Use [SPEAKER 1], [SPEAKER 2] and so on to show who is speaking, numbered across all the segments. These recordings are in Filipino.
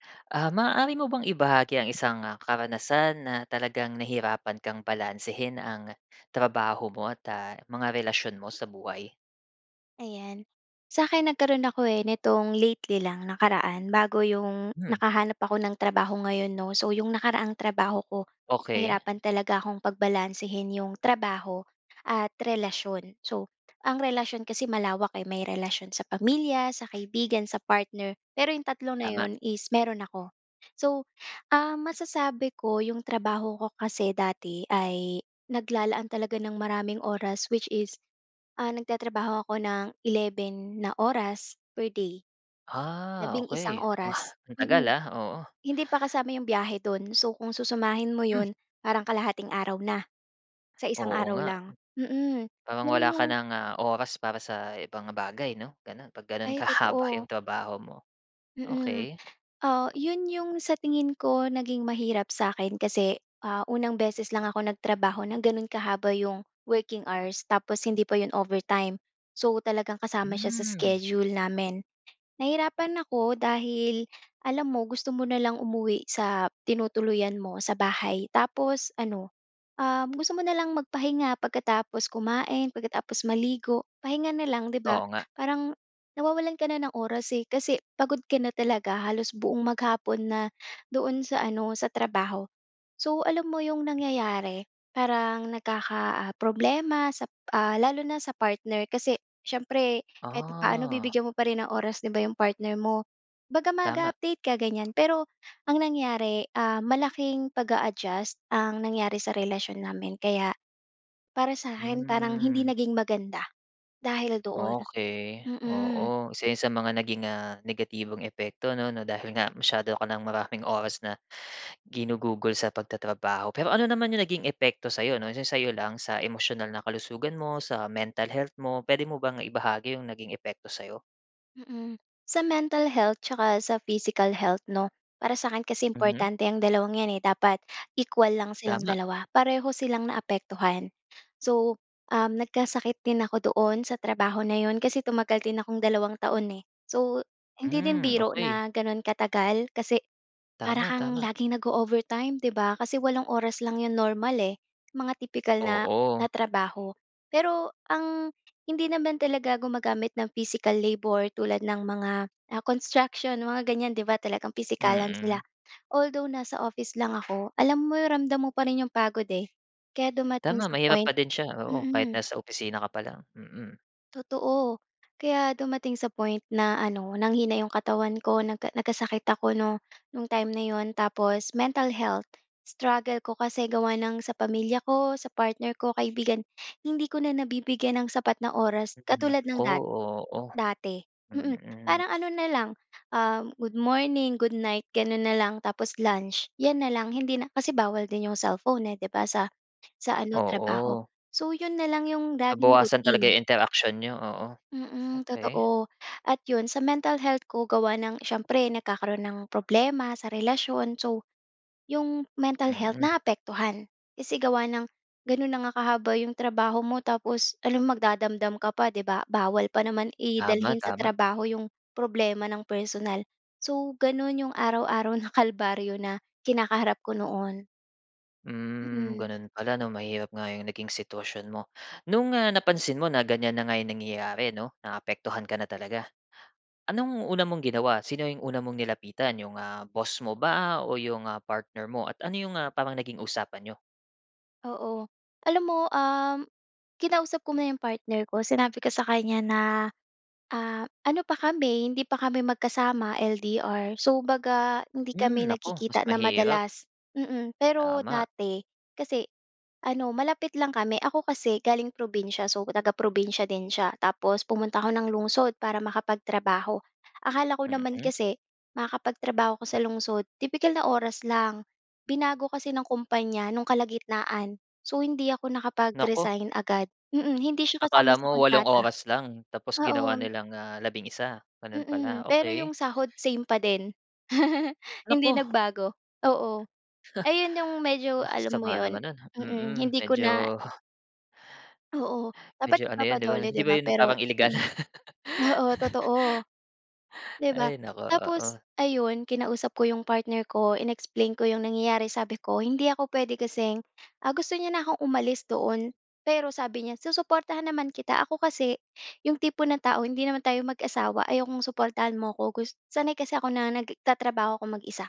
[SPEAKER 1] Ah, maaari mo bang ibahagi ang isang, ah, karanasan na talagang nahirapan kang balansehin ang trabaho mo at, ah, mga relasyon mo sa buhay?
[SPEAKER 2] Ayan, sa'kin nagkaroon ako eh, nitong lately lang, nakaraan, bago yung
[SPEAKER 1] Hmm.
[SPEAKER 2] nakahanap ako ng trabaho ngayon, 'no? So, yung nakaraang trabaho ko
[SPEAKER 1] Okey.
[SPEAKER 2] nahirapan talaga akong pagbalansehin yung trabaho at relasyon. So, ang relasyon kasi malawak, eh. May relasyon sa pamilya, sa kaibigan, sa partner pero yung tatlo na
[SPEAKER 1] Tama.
[SPEAKER 2] 'yon is meron ako. So, ah, masasabi ko yung trabaho ko kasi dati ay naglalaan talaga ng maraming oras which is, ah, nagtatrabaho ako nang 11 na oras per day.
[SPEAKER 1] Ah,
[SPEAKER 2] Labing-isang
[SPEAKER 1] okey.
[SPEAKER 2] oras,
[SPEAKER 1] Ang tagal
[SPEAKER 2] mm.
[SPEAKER 1] ah? Oo.
[SPEAKER 2] Hindi pa kasama yung biyahe do'n. So, kung susumahin mo
[SPEAKER 1] Hmm.
[SPEAKER 2] 'yon parang kalahating araw na sa isang
[SPEAKER 1] Oo
[SPEAKER 2] araw
[SPEAKER 1] nga.
[SPEAKER 2] lang, mm.
[SPEAKER 1] Parang wala
[SPEAKER 2] Gano'n
[SPEAKER 1] ka
[SPEAKER 2] yung
[SPEAKER 1] ng, ah, oras para sa ibang bagay, 'no? Gano'n. 'Pag gano'n
[SPEAKER 2] Ay,
[SPEAKER 1] kahaba yung
[SPEAKER 2] totoo.
[SPEAKER 1] trabaho mo.
[SPEAKER 2] Mm.
[SPEAKER 1] Okey.
[SPEAKER 2] Ah, 'yon yung sa tingin ko naging mahirap sa'kin kasi, ah, unang beses lang ako nagtrabaho ng gano'n kahaba yung working hours tapos hindi pa 'yon overtime. So, talagang kasama siya sa
[SPEAKER 1] Hmm.
[SPEAKER 2] schedule namin. Nahirapan ako dahil alam mo gusto mo na lang umuwi sa tinutuluyan mo, sa bahay. Tapos ano, um, gusto mo na lang magpahinga pagkatapos kumain, pagkatapos maligo, pahinga na lang, 'di ba?
[SPEAKER 1] Oo nga.
[SPEAKER 2] Parang nawawalan ka na ng oras, eh. Kasi pagod ka na talaga halos buong maghapon na doon sa ano, sa trabaho. So, alam mo yung nangyayari, parang nagkaka, ah, problema sa, ah lalo na sa partner. Kasi siyempre kahit paano
[SPEAKER 1] Ah.
[SPEAKER 2] bibigyan mo pa rin ng oras, 'di ba, yung partner mo? Kumbaga
[SPEAKER 1] Tama.
[SPEAKER 2] mag-a-update ka, ganyan. Pero ang nangyari, ah, malaking pag-a-adjust ang nangyari sa relasyon namin kaya para sa'kin parang hindi
[SPEAKER 1] Hmm.
[SPEAKER 2] naging maganda dahil doon.
[SPEAKER 1] Okey.
[SPEAKER 2] Mm.
[SPEAKER 1] Oo, isa 'yon sa mga naging, ah, negatibong epekto, 'no? Na dahil nga masyado ka ng maraming oras na ginugugol sa pagtatrabaho. Pero ano naman yung naging epekto sa'yo 'no, yung sa'yo lang, sa emosyonal na kalusugan mo, sa mental health mo, puwede mo bang ibahagi yung naging epekto sa'yo?
[SPEAKER 2] Mm. Sa mental health tsaka sa physical health, 'no, para sa'kin kasi
[SPEAKER 1] Mhm.
[SPEAKER 2] importante yang dalawang 'yan eh. Dapat equal lang silang
[SPEAKER 1] Tama.
[SPEAKER 2] dalawa. Pareho silang naapektuhan. So, um, nagkasakit din ako doon sa trabaho na 'yon kasi tumagal din akong dalawang taon eh. So, hindi din
[SPEAKER 1] Hmm,
[SPEAKER 2] biro
[SPEAKER 1] okey.
[SPEAKER 2] na gano'n katagal kasi para
[SPEAKER 1] Tama,
[SPEAKER 2] kang
[SPEAKER 1] tama.
[SPEAKER 2] laging nag-o-overtime, 'di ba? Kasi walong oras lang 'yong normal eh, mga tipikal na
[SPEAKER 1] Oo.
[SPEAKER 2] na trabaho. Pero ang hindi naman talaga gumagamit ng physical labor tulad ng mga, ah, construction, mga ganyan, 'di ba, talagang pisikalan sila.
[SPEAKER 1] Mm.
[SPEAKER 2] Although nasa office lang ako, alam mo ramdam mo pa rin 'yong pagod eh. Kaya dumating
[SPEAKER 1] Tama,
[SPEAKER 2] sa
[SPEAKER 1] mahirap
[SPEAKER 2] point
[SPEAKER 1] pa din siya, oo. Kahit
[SPEAKER 2] mm.
[SPEAKER 1] nasa opisina ka pa lang, mm.
[SPEAKER 2] Totoo. Kaya dumating sa point na ano, nanghina 'yong katawan ko, nagka nagkasakit ako 'no, no'ng time na 'yon. Tapos mental health. Struggle ko kasi gawa ng sa pamilya ko, sa partner ko, kaibigan. Hindi ko na nabibigyan ng sapat na oras
[SPEAKER 1] Mm.
[SPEAKER 2] katulad
[SPEAKER 1] Naku!
[SPEAKER 2] ng dat
[SPEAKER 1] Oo.
[SPEAKER 2] dati. Mm.
[SPEAKER 1] Mm.
[SPEAKER 2] Parang ano na lang, um, "Good morning, goodnight," gano'n na lang. Tapos lunch. 'Yan na lang hindi na kasi bawal din 'yong cellphone eh, 'di ba, sa sa ano, trabaho.
[SPEAKER 1] Oo.
[SPEAKER 2] So, 'yon na lang 'yong laging
[SPEAKER 1] Nabawasan talaga
[SPEAKER 2] routine.
[SPEAKER 1] 'yong interaksiyon n'yo, oo.
[SPEAKER 2] Mm.
[SPEAKER 1] Okey.
[SPEAKER 2] Totoo. At 'yon, sa mental health ko gawa ng siyempre nagkakaroon ng problema sa relasyon. So, 'yong mental health,
[SPEAKER 1] Mm.
[SPEAKER 2] naapektuhan. Kasi gawa ng gano'n na nga kahaba 'yong trabaho mo tapos alangan magdadamdam ka pa, 'di ba? Bawal pa naman i
[SPEAKER 1] Tama,
[SPEAKER 2] dalhin sa
[SPEAKER 1] tama.
[SPEAKER 2] trabaho 'yong problema ng personal. So, gano'n 'yong araw-araw na kalbaryo na kinakaharap ko noon.
[SPEAKER 1] Hmm,
[SPEAKER 2] Mm.
[SPEAKER 1] gano'n pala 'no? Mahirap nga 'yong naging sitwasyon mo. No'ng, ah, napansin mo na ganyan na nga 'yong nangyayari 'no, naapektuhan ka na talaga, anong una mong ginawa? Sino 'yong una mong nilapitan? 'Yong, ah, boss mo ba o 'yong, ah, partner mo? At ano 'yong mga parang naging usapan n'yo?
[SPEAKER 2] Oo. Alam mo, um, kinausap ko muna 'yong partner ko, sinabi ko sa kanya na, ah, ano pa kami, hindi pa kami magkasama, LDR. So, 'baga hindi
[SPEAKER 1] Hmm,
[SPEAKER 2] kami
[SPEAKER 1] naku, mas
[SPEAKER 2] nagkikita na
[SPEAKER 1] mahirap.
[SPEAKER 2] madalas, mm. Pero
[SPEAKER 1] Tama.
[SPEAKER 2] dati kasi ano, malapit lang kami. Ako kasi, galing probinsiya. So, taga-probinsiya din siya. Tapos pumunta ako ng lungsod para makapagtrabaho. Akala ko naman
[SPEAKER 1] Mm.
[SPEAKER 2] kasi makakapagtrabaho ako sa lungsod, tipikal na oras lang. Binago kasi ng kumpanya no'ng kalagitnaan. So, hindi ako
[SPEAKER 1] Naku.
[SPEAKER 2] nakapag-resign agad. Mm. Hindi siya kasama
[SPEAKER 1] Akala
[SPEAKER 2] sa
[SPEAKER 1] mo walong
[SPEAKER 2] kontrata.
[SPEAKER 1] oras lang tapos ginawa
[SPEAKER 2] Oo.
[SPEAKER 1] nilang, ah, labing-isa, gano'n pala.
[SPEAKER 2] Mm. Pero
[SPEAKER 1] Okey.
[SPEAKER 2] 'yong sahod same pa din. Hindi
[SPEAKER 1] Naku!
[SPEAKER 2] nagbago. Oo. Ayon 'yong medyo
[SPEAKER 1] Ah,
[SPEAKER 2] alam mo
[SPEAKER 1] sama
[SPEAKER 2] 'yon?
[SPEAKER 1] naman 'non.
[SPEAKER 2] Mm.
[SPEAKER 1] Mm.
[SPEAKER 2] Hindi ko na
[SPEAKER 1] Medyo
[SPEAKER 2] Oo.
[SPEAKER 1] medyo
[SPEAKER 2] Dapat
[SPEAKER 1] ano yun 'di ba?
[SPEAKER 2] ipapa-DOLE
[SPEAKER 1] Hindi
[SPEAKER 2] 'di
[SPEAKER 1] ba
[SPEAKER 2] ba?
[SPEAKER 1] yun
[SPEAKER 2] Pero
[SPEAKER 1] parang illegal?
[SPEAKER 2] mm. Oo, totoo, 'di ba?
[SPEAKER 1] Ay, naku, oo.
[SPEAKER 2] Tapos ayun, kinausap ko 'yong partner ko, in-explain ko 'yong nangyayari. Sabi ko, "Hindi ako pwede kasing" ah, gusto niya na akong umalis doon. Pero sabi niya, "Susuportahan naman kita." Ako kasi, 'yong tipo ng tao "Hindi naman tayo mag-asawa, ayaw kong suportahan mo ko gus" sanay kasi ako na nagtatrabaho ako mag-isa.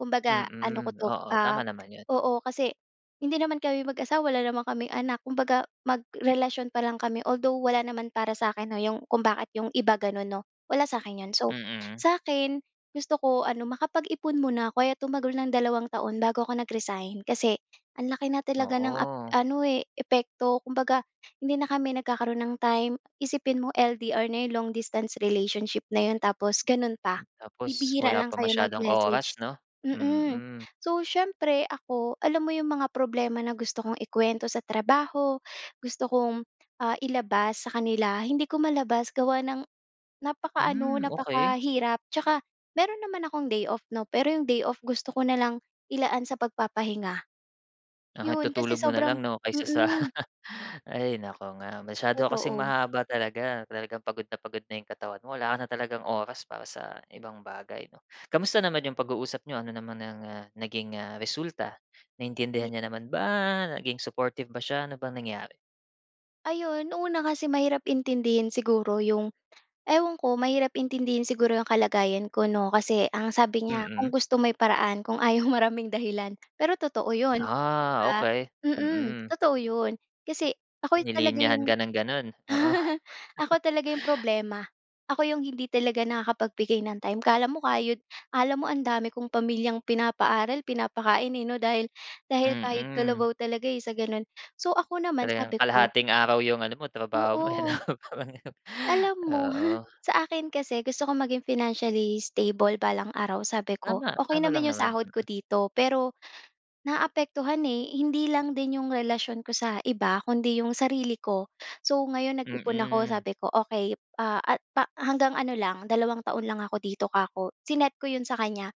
[SPEAKER 2] Kumbaga, ano ko
[SPEAKER 1] Mm.
[SPEAKER 2] 'to,
[SPEAKER 1] Oo,
[SPEAKER 2] ah,
[SPEAKER 1] tama naman 'yon.
[SPEAKER 2] oo, kasi hindi naman kami mag-asawa, wala naman kaming anak. Kumbaga, magkarelasyon pa lang kami. Although wala naman para sa akin 'no, 'yong kung bakit 'yong iba gano'n 'no? Wala sa'kin 'yon. So,
[SPEAKER 1] Mm.
[SPEAKER 2] sa'kin gusto ko ano, makapag-ipon muna ko. Kaya tumagal ng dalawang taon bago ako nag-resign. Kasi ang laki na talaga ng ap
[SPEAKER 1] Oo.
[SPEAKER 2] ano eh, epekto. Kumbaga, hindi na kami nagkakaroon ng time. Isipin mo, LDR na 'yon, long-distance relationship na 'yon tapos gano'n pa.
[SPEAKER 1] Tapos
[SPEAKER 2] Bibihira
[SPEAKER 1] wala
[SPEAKER 2] lang
[SPEAKER 1] pa
[SPEAKER 2] kayo
[SPEAKER 1] masyadong
[SPEAKER 2] mag-message.
[SPEAKER 1] oras 'no?
[SPEAKER 2] Mm.
[SPEAKER 1] Mm.
[SPEAKER 2] So, siyempre ako, alam mo 'yong mga problema na gusto kong ikuwento sa trabaho, gusto kong, ah, ilabas sa kanila, hindi ko malabas gawa ng napakaano,
[SPEAKER 1] Hmm, okey.
[SPEAKER 2] napakahirap. Tsaka meron naman akong day-off 'no, pero 'yong day-off, gusto ko nalang ilaan sa pagpapahinga.
[SPEAKER 1] Lahat
[SPEAKER 2] 'Yon, kasi
[SPEAKER 1] itutulog mo
[SPEAKER 2] sobrang
[SPEAKER 1] nalang 'no, kaysa sa
[SPEAKER 2] mm.
[SPEAKER 1] Ay, naku nga! Masyado ka kasing
[SPEAKER 2] Totoo.
[SPEAKER 1] mahaba talaga. Talagang pagod na pagod na 'yong katawan mo. Wala ka na talagang oras para sa ibang bagay 'no? Kumusta naman 'yong pag-uusap niyo? Ano naman ang, ah, naging, ah, resulta? Naintindihan
[SPEAKER 2] [unintelligible]
[SPEAKER 1] niya naman ba? Naging supportive ba siya? Ano bang nangyari?
[SPEAKER 2] Ayun. Una, kasi mahirap intindihin siguro 'yong ewan ko, mahirap intindihin siguro 'yong kalagayan ko, 'no? Kasi ang sabi niya, "Kung
[SPEAKER 1] Mm.
[SPEAKER 2] gusto may paraan, kung ayaw maraming dahilan." Pero totoo 'yon, 'di
[SPEAKER 1] Ah,
[SPEAKER 2] ba?
[SPEAKER 1] okey.
[SPEAKER 2] Mm,
[SPEAKER 1] Mm.
[SPEAKER 2] totoo 'yon. Kasi ako talaga
[SPEAKER 1] Nilinyahan
[SPEAKER 2] 'yong
[SPEAKER 1] ka ng ganun. Oo.
[SPEAKER 2] ako talaga yung problema. Ako yung hindi talaga nakakapagbigay ng time. ‘Kala mo kayod akala mo ang dami kong pamilyang pinapaaral, pinapakain, eh, ‘no. Dahil dahil kayod
[SPEAKER 1] Mm.
[SPEAKER 2] kalabaw talaga, eh, sa ganun. So, ako naman
[SPEAKER 1] Talagang
[SPEAKER 2] sabi ko
[SPEAKER 1] kalahating araw 'yong ano mo, trabaho mo eh ‘no?
[SPEAKER 2] Oo.
[SPEAKER 1] Parang ganun.
[SPEAKER 2] Alam mo,
[SPEAKER 1] Oo.
[SPEAKER 2] sa akin kasi, gusto ko maging financially stable balang araw. Sabi ko,
[SPEAKER 1] Tama,
[SPEAKER 2] okey
[SPEAKER 1] tama
[SPEAKER 2] naman
[SPEAKER 1] lang
[SPEAKER 2] yung
[SPEAKER 1] naman.
[SPEAKER 2] sahod ko
[SPEAKER 1] Mm.
[SPEAKER 2] dito, pero naapektuhan, eh, hindi lang din 'yong relasyon ko sa iba, kundi 'yong sarili ko. So ngayon, nag-ipon ako.
[SPEAKER 1] Mm.
[SPEAKER 2] Sabi ko, "Okey, ah, a pa hanggang ano lang, dalawang taon lang ako dito," kako. Sinet ko 'yon sa kanya.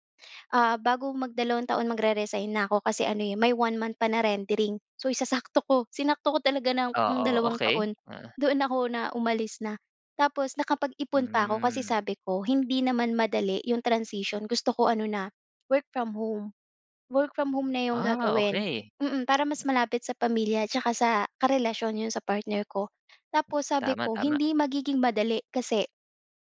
[SPEAKER 2] Ah, bago mag-dalawang taon, mag-re-resign na ako. Kasi ano eh, may 1 month pa na rendering. So isasakto ko. Sinakto ko talaga ng
[SPEAKER 1] Oo.
[SPEAKER 2] dalawang
[SPEAKER 1] Okey.
[SPEAKER 2] taon.
[SPEAKER 1] Uh-huh.
[SPEAKER 2] Doon ako na umalis na. Tapos nakapag-ipon pa ako. Kasi
[SPEAKER 1] Hmm.
[SPEAKER 2] sabi ko, "Hindi naman madali 'yong transition." Gusto ko ano na, work from home. Work from home na 'yong
[SPEAKER 1] Ah,
[SPEAKER 2] gagawin.
[SPEAKER 1] okey.
[SPEAKER 2] Mm, para mas malapit sa pamilya tsaka sa karelasyon, 'yon sa partner ko. Tapos sabi
[SPEAKER 1] Tama
[SPEAKER 2] ko,
[SPEAKER 1] tama.
[SPEAKER 2] "Hindi magiging madali kasi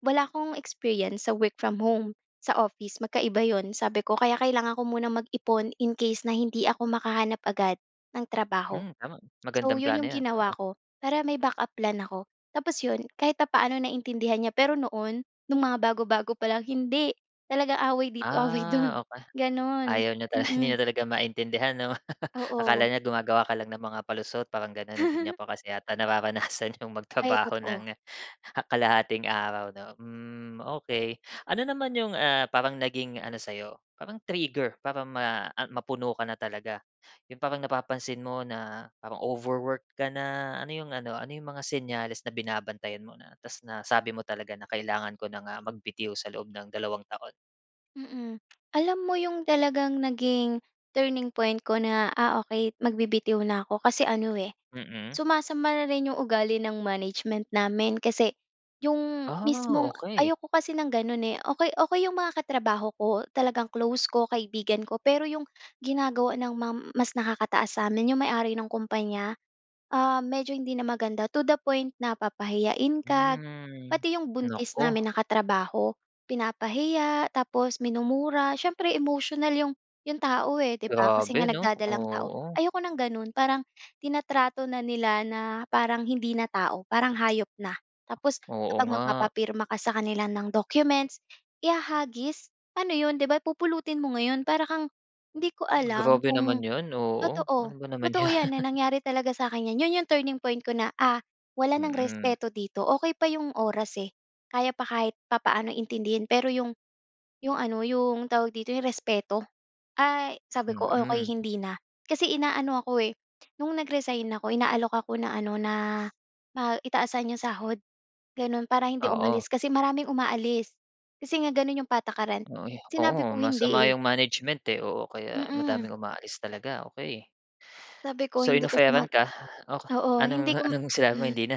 [SPEAKER 2] wala akong experience sa work from home, sa office. Magkaiba 'yon," sabi ko. Kaya kailangan ko munang mag-ipon, in case na hindi ako makahanap agad ng trabaho.
[SPEAKER 1] Hmm, tama.
[SPEAKER 2] So,
[SPEAKER 1] Magandang
[SPEAKER 2] yun
[SPEAKER 1] plano
[SPEAKER 2] yung
[SPEAKER 1] 'yan,
[SPEAKER 2] ginawa
[SPEAKER 1] oo.
[SPEAKER 2] ko para may backup plan ako. Tapos yun, kahit papaano naintindihan niya, pero noon, nung mga bago bago pa lang, hindi. Talagang away dito, away dun.
[SPEAKER 1] Ah, okey.
[SPEAKER 2] Ganun.
[SPEAKER 1] Ayaw niyo ta hindi
[SPEAKER 2] Mm.
[SPEAKER 1] na talaga maintindihan ‘no? Akala
[SPEAKER 2] Oo.
[SPEAKER 1] niya gumagawa ka lang ng mga palusot, parang gano'n. Hindi niya pa kasi yata nararanasan 'yong
[SPEAKER 2] Ay,
[SPEAKER 1] magtrabaho
[SPEAKER 2] totoo.
[SPEAKER 1] nang kalahating araw, 'no? Hmm, okey. Ano naman 'yong, ah, parang naging ano sa 'yo, parang trigger para ma a mapuno ka na talaga? 'Yong parang napapansin mo na parang overwork ka na, ano 'yong ano, ano 'yong mga senyales na binabantayan mo na ta’s nasabi mo talaga na kailangan ko na nga magbitiw sa loob ng dalawang taon?
[SPEAKER 2] Mm. Alam mo, ‘yong talagang naging turning point ko na, ah, okey, magbibitiw na ako, kasi ano, eh,
[SPEAKER 1] Mm.
[SPEAKER 2] sumasama na rin ‘yong ugali ng management namin. Kasi ‘yong
[SPEAKER 1] Ah,
[SPEAKER 2] mismong
[SPEAKER 1] okey.
[SPEAKER 2] ayoko kasi ng gano’n, eh. Okey okey ‘yong mga katrabaho ko, talagang close ko, kaibigan ko. Pero ‘yong ginagawa ng mam mas nakakataas sa'min, ‘yong may-ari ng kumpanya, ah, medyo hindi na maganda, to the point na papahiyain ka.
[SPEAKER 1] Hmm,
[SPEAKER 2] Pati ‘yong buntis
[SPEAKER 1] naku.
[SPEAKER 2] namin na katrabaho, pinapahiya, tapos minumura. Siyempre emosyonal ‘yong 'yong tao, eh, ‘di ba? Kasi nga
[SPEAKER 1] Grabe, 'no?
[SPEAKER 2] nagdadalang tao.
[SPEAKER 1] Oo.
[SPEAKER 2] Ayoko ng gano’n, parang tinatrato na nila na parang hindi na tao, parang hayop na. Tapos
[SPEAKER 1] Oo,
[SPEAKER 2] kapag
[SPEAKER 1] nga.
[SPEAKER 2] magpapapirma ka sa kanila ng documents, ihahagis. Ano ‘yon, ‘di ba, pupulutin mo ngayon, para kang hindi ko alam
[SPEAKER 1] Grabe naman
[SPEAKER 2] kung
[SPEAKER 1] 'yon, oo.
[SPEAKER 2] totoo
[SPEAKER 1] Ano ba naman
[SPEAKER 2] totoo
[SPEAKER 1] yan.
[SPEAKER 2] ‘yan na nangyari talaga sa akin ‘yan. ‘Yon ‘yong turning point ko na, ah, wala nang
[SPEAKER 1] Mm.
[SPEAKER 2] respeto dito. Okey pa ‘yong oras, eh, kaya pa kahit papaano intindihin, pero ‘yong ‘yong ano ‘yong tawag dito ‘yong respeto, ay sabi ko, "Okey,
[SPEAKER 1] Mm.
[SPEAKER 2] hindi na." Kasi inaano ako, eh, no’ng nag-resign ako, inaalok ako na, ano na, ma i taasan ‘yong sahod, gano’n, para hindi
[SPEAKER 1] Oo.
[SPEAKER 2] umalis. Kasi maraming umaalis, kasi nga gano’n ‘yong patakaran.
[SPEAKER 1] Oo, eh,
[SPEAKER 2] Sinabi ko
[SPEAKER 1] oo, masama
[SPEAKER 2] hindi, eh.
[SPEAKER 1] 'yong management, eh, oo, kaya
[SPEAKER 2] Mm.
[SPEAKER 1] madaming umaalis talaga, okey.
[SPEAKER 2] Sabi ko
[SPEAKER 1] So
[SPEAKER 2] hindi kasi nga
[SPEAKER 1] in-offeran ka oh,
[SPEAKER 2] Oo, hindi
[SPEAKER 1] anong
[SPEAKER 2] ko
[SPEAKER 1] anong sinabi mo,
[SPEAKER 2] hmm.
[SPEAKER 1] hindi na?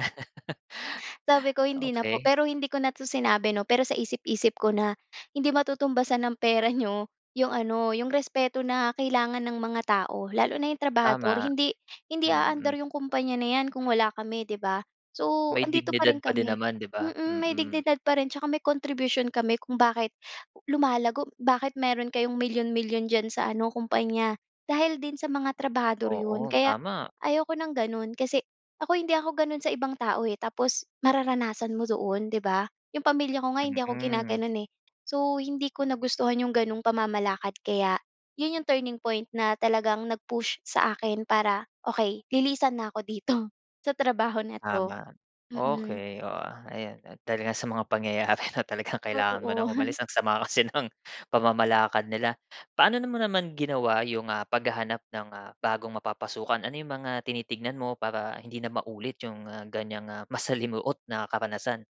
[SPEAKER 2] Sabi ko, "Hindi na po."
[SPEAKER 1] Okey.
[SPEAKER 2] Pero hindi ko na 'to sinabi, ‘no, pero sa isip-isip ko na, "Hindi matutumbasan ng pera niyo ‘yong ano, ‘yong respeto na kailangan ng mga tao, lalo na ‘yong trabahador."
[SPEAKER 1] Tama.
[SPEAKER 2] Hindi hindi
[SPEAKER 1] Mm
[SPEAKER 2] aandar ‘yong kumpanya na ‘yan kung wala kami, ‘di ba? So
[SPEAKER 1] May
[SPEAKER 2] ‘andito pa
[SPEAKER 1] dignidad
[SPEAKER 2] rin
[SPEAKER 1] pa din
[SPEAKER 2] kami
[SPEAKER 1] naman, 'di ba?
[SPEAKER 2] mm, may
[SPEAKER 1] Mm.
[SPEAKER 2] dignidad pa rin 'tsaka may contribution kami kung bakit lumalago, bakit meron kayong milyon-milyon diyan sa ano, kumpanya, dahil din sa mga trabahador 'yon.
[SPEAKER 1] Oo,
[SPEAKER 2] Kaya,
[SPEAKER 1] tama.
[SPEAKER 2] ayaw ko ng gano’n, kasi ako, hindi ako gano’n sa ibang tao, eh, tapos mararanasan mo doon, ‘di ba? ‘Yong pamilya ko nga, hindi ako
[SPEAKER 1] Mm.
[SPEAKER 2] ginagano’n, eh. So, hindi ko nagustuhan ‘yong gano’ng pamamalakad. Kaya ‘yon ‘yong turning point na talagang nag-push sa akin para, "Okey, lilisan na ako dito, sa trabaho na ‘to."
[SPEAKER 1] Tama,
[SPEAKER 2] Mm.
[SPEAKER 1] okey. O, ah, ayan at talaga sa mga pangyayari na talagang kailangan mo
[SPEAKER 2] Totoo.
[SPEAKER 1] ng umalis, ang sama kasi ng pamamalakad nila. Paano na mo naman ginawa 'yong, ah, paghahanap ng, ah, bagong mapapasukan? Ano 'yong mga tinitignan mo para hindi na maulit 'yong, ah, ganyang, ah, masalimuot na karanasan?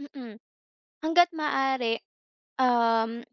[SPEAKER 2] Mm. Hangga't maaari, um,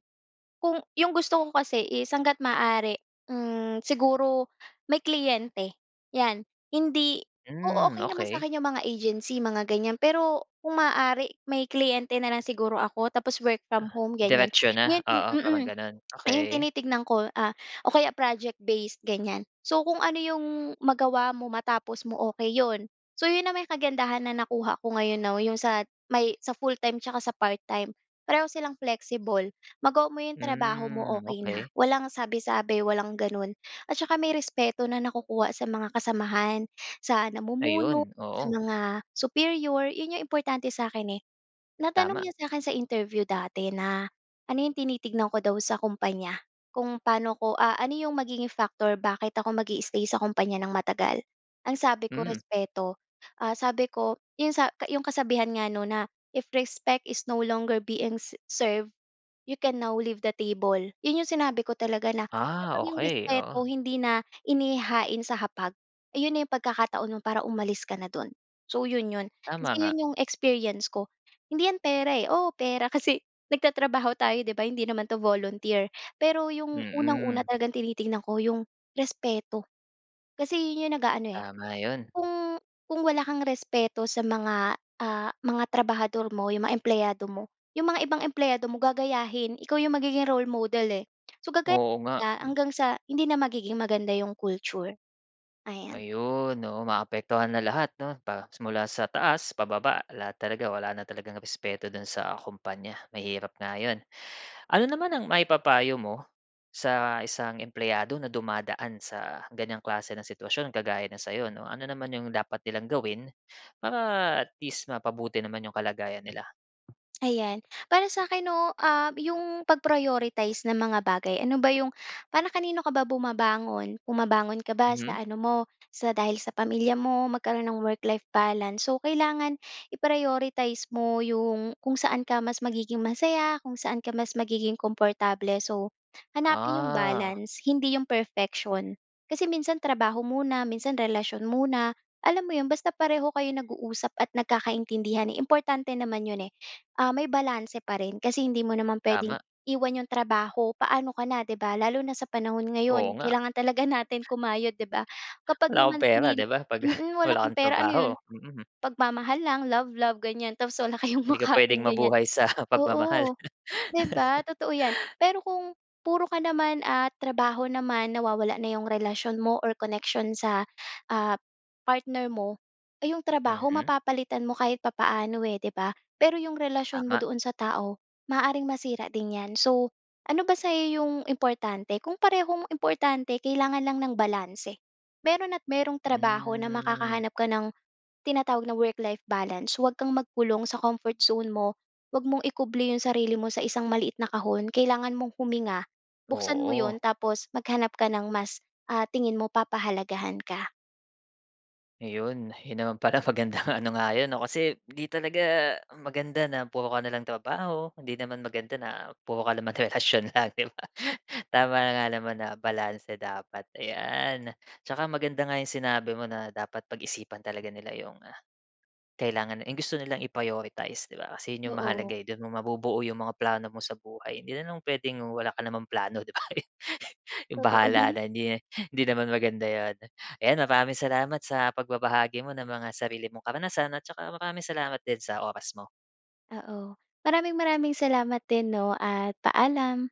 [SPEAKER 2] kung ‘yong gusto ko kasi is hangga't maaari, hmm, siguro may kliyente ‘yan. Hindi oo,
[SPEAKER 1] Hmm,
[SPEAKER 2] okey naman
[SPEAKER 1] okey.
[SPEAKER 2] sa'kin ‘yong mga agency, mga ganyan, pero kung maaari, may kliyente na lang siguro ako, tapos work from
[SPEAKER 1] Ah,
[SPEAKER 2] home, ganyan.
[SPEAKER 1] diretso na,
[SPEAKER 2] Ngayon
[SPEAKER 1] oo parang
[SPEAKER 2] mm,
[SPEAKER 1] gano'n,
[SPEAKER 2] ngayon
[SPEAKER 1] okey.
[SPEAKER 2] tinitignan ko, ah, o kaya project-based, ganyan. So kung ano ‘yong magawa mo, matapos mo, okey ‘yon. So ‘yon naman 'yong kagandahan na nakuha ko ngayon now, ‘yong sa may, sa full-time tsaka sa part-time, pareho silang flexible. Magawa mo ‘yong trabaho mo,
[SPEAKER 1] Hmm,
[SPEAKER 2] okey na,
[SPEAKER 1] okey.
[SPEAKER 2] walang sabi-sabi, walang gano’n, at tsaka may respeto na nakukuha sa mga kasamahan, sa namumuno,
[SPEAKER 1] Ayon,
[SPEAKER 2] sa
[SPEAKER 1] oo.
[SPEAKER 2] mga superior, yon ‘yong importante sa’kin, eh. Natanong
[SPEAKER 1] Tama.
[SPEAKER 2] niya sa akin sa interview dati na, ano ‘yong tinitignan ko daw sa kumpanya, kung paano ko ah, ano ‘yong magiging factor bakit ako mag-i-stay sa kumpanya nang matagal. Ang sabi ko,
[SPEAKER 1] Hmm.
[SPEAKER 2] "Respeto." Ah, sabi ko, ‘yong sa ka ‘yong kasabihan nga, 'no, na, "If respect is no longer being served, you can now leave the table." ‘Yon ‘yong sinabi ko talaga na,
[SPEAKER 1] Ah,
[SPEAKER 2] kapag ‘yong
[SPEAKER 1] okey, oo.
[SPEAKER 2] respeto hindi na inihahain sa hapag, ayon na ‘yong pagkakataon mo para umalis ka na do’n. So, ‘yon ‘yon,
[SPEAKER 1] Tama
[SPEAKER 2] kasi
[SPEAKER 1] nga.
[SPEAKER 2] ‘yon ‘yong experience ko. Hindi ‘yan pera, eh, oo, pera kasi nagtatrabaho tayo, ‘di ba, hindi naman ‘to volunteer. Pero ‘yong unang-una
[SPEAKER 1] Mm.
[SPEAKER 2] talagang tinitingnan ko, ‘yong respeto, kasi ‘yon ‘yong nag-aano, eh,
[SPEAKER 1] Tama 'yon.
[SPEAKER 2] Kung kung wala kang respeto sa mga, ah, mga trabahador mo, 'yong mga empleyado mo, yong mga ibang empleyado mo, gagayahin. Ikaw 'yong magiging role model, eh. So gagayahin
[SPEAKER 1] Oo nga.
[SPEAKER 2] nila,
[SPEAKER 1] Hmm.
[SPEAKER 2] hanggang sa hindi na magiging maganda 'yong culture, ayan.
[SPEAKER 1] Ayon, oo, maapektuhan na lahat, ‘no, pa mula sa taas pababa. Lahat talaga, wala na talagang respeto do’n sa kompanya. Mahirap nga ’yon. Ano naman ang maipapayo mo, sa isang empleyado na dumadaan sa ganyang klase ng sitwasyon, kagaya ng sa’yo, ‘no? Ano naman ’yong dapat nilang gawin para, at least, mapabuti naman ’yong kalagayan nila?
[SPEAKER 2] Ayan. Para sa akin, no, ah, 'yong pag-prioritize ng mga bagay. Ano ba 'yong para kanino ka ba bumabangon? Bumabangon ka ba sa
[SPEAKER 1] Mhm.
[SPEAKER 2] ano mo, sa dahil sa pamilya mo? Magkaroon ng work-life balance, so kailangan i-prioritize mo 'yong kung saan ka mas magiging masaya, kung saan ka mas magiging komportable. So, hanapin 'yong
[SPEAKER 1] Ah.
[SPEAKER 2] balance, hindi 'yong perfection. Kasi minsan trabaho muna, minsan relasyon muna, alam mo 'yon? Basta pareho kayo nag-uusap at nagkakaintindihan, importante naman 'yon, eh. Ah, may balanse pa rin kasi hindi mo naman puwedeng
[SPEAKER 1] Tama.
[SPEAKER 2] iwan 'yong trabaho. Paano ka na, 'di ba, lalo na sa panahon
[SPEAKER 1] Oo
[SPEAKER 2] ngayon?
[SPEAKER 1] nga.
[SPEAKER 2] Kailangan talaga natin kumayod, 'di ba? Kapag
[SPEAKER 1] Wala kang
[SPEAKER 2] naman
[SPEAKER 1] pera
[SPEAKER 2] pinili
[SPEAKER 1] 'di ba? 'Pag
[SPEAKER 2] mm, wala
[SPEAKER 1] wala
[SPEAKER 2] kang
[SPEAKER 1] kang
[SPEAKER 2] pera, ano 'yon?
[SPEAKER 1] trabaho. Mm.
[SPEAKER 2] Pagmamahal lang, love love, ganyan tapos wala kayong
[SPEAKER 1] Hindi ka
[SPEAKER 2] makain,
[SPEAKER 1] pwedeng
[SPEAKER 2] ganyan.
[SPEAKER 1] mabuhay sa pagmamahal
[SPEAKER 2] Oo, 'di ba? Totoo 'yan. Pero kung puro ka naman, ah, trabaho naman, nawawala na 'yong relasyon mo or connection sa, ah, partner mo, eh, 'yong trabaho
[SPEAKER 1] Mhm.
[SPEAKER 2] mapapalitan mo kahit papaano, eh, 'di ba? Pero 'yong relasyon mo
[SPEAKER 1] Tama.
[SPEAKER 2] doon sa tao, maaaring masira din 'yan. So, ano ba sa 'yo 'yong importante? Kung parehong importante kailangan lang ng balanse. Meron at merong trabaho na
[SPEAKER 1] Hmm.
[SPEAKER 2] makakahanap ka ng tinatawag na work-life balance. Huwag kang magkulong sa comfort zone mo. Huwag mong ikubli 'yong sarili mo sa isang maliit na kahon. Kailangan mong huminga, buksan mo 'yon,
[SPEAKER 1] Oo.
[SPEAKER 2] tapos maghanap ka ng mas, ah, tingin mo papahalagahan ka.
[SPEAKER 1] ‘Yon, ‘yon naman pala, magandang ano nga ‘yon, 'no, kasi ‘di talaga maganda na puro ka na lang trabaho. Hindi naman maganda na puro ka naman relasyon lang, ‘di ba? Tama nga naman na balanse dapat, ayan. Tsaka maganda nga ‘yong sinabi mo na dapat pag-isipan talaga nila ‘yong kailangan, ‘yong gusto nilang i-prioritize, ‘di ba? Kasi ‘yon ‘yong mahalaga,
[SPEAKER 2] Oo.
[SPEAKER 1] eh. Do’n mo mabubuo ‘yong mga plano mo sa buhay. Hindi naman puwedeng wala ka namang plano, ‘di ba? ‘Yong bahala
[SPEAKER 2] Totoo.
[SPEAKER 1] na, hindi, hindi naman maganda ‘yon. Ayan, maraming salamat sa pagbabahagi mo ng mga sarili mong karanasan, at tsaka maraming salamat din sa oras mo.
[SPEAKER 2] Oo. Maraming maraming salamat din 'no, at paalam.